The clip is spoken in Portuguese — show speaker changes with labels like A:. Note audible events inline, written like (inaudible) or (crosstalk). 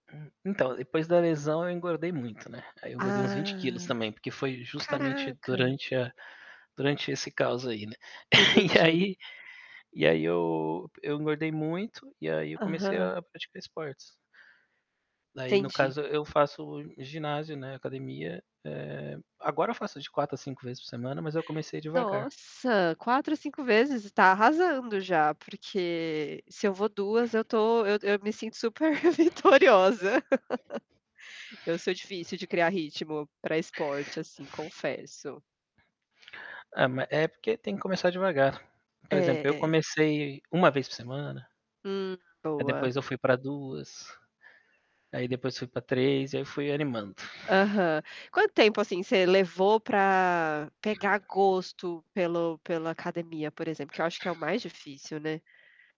A: Então, depois da lesão eu engordei muito, né, aí eu engordei uns 20 quilos
B: Ah,
A: também, porque foi justamente
B: caraca.
A: durante a durante esse caos aí, né. (chuckles) E
B: Entendi.
A: aí e aí eu eu engordei muito, e aí eu comecei
B: Aham.
A: a praticar esportes. Daí no
B: Entendi.
A: caso e eu faço ginásio, né, academia, eh, agora eu faço de 4 a 5 vezes por semana, mas eu comecei devagar.
B: Nossa! 4 a 5 vezes, tá arrasando já, porque se eu vou 2 eu estou eu eu me sinto super vitoriosa. (laughs) Eu sou difícil de criar ritmo para esporte, assim, confesso.
A: Ah, ma é porque tem que começar devagar.
B: É,
A: Por exemplo eu
B: é.
A: comecei 1 vez por semana
B: Hum.
A: aí
B: Boa.
A: depois eu fui para 2, aí depois fui para 3 e aí fui animando.
B: Aham. Quanto tempo assim você levou para pegar gosto pelo pela academia, por exemplo? Que eu acho que é o mais difícil, né.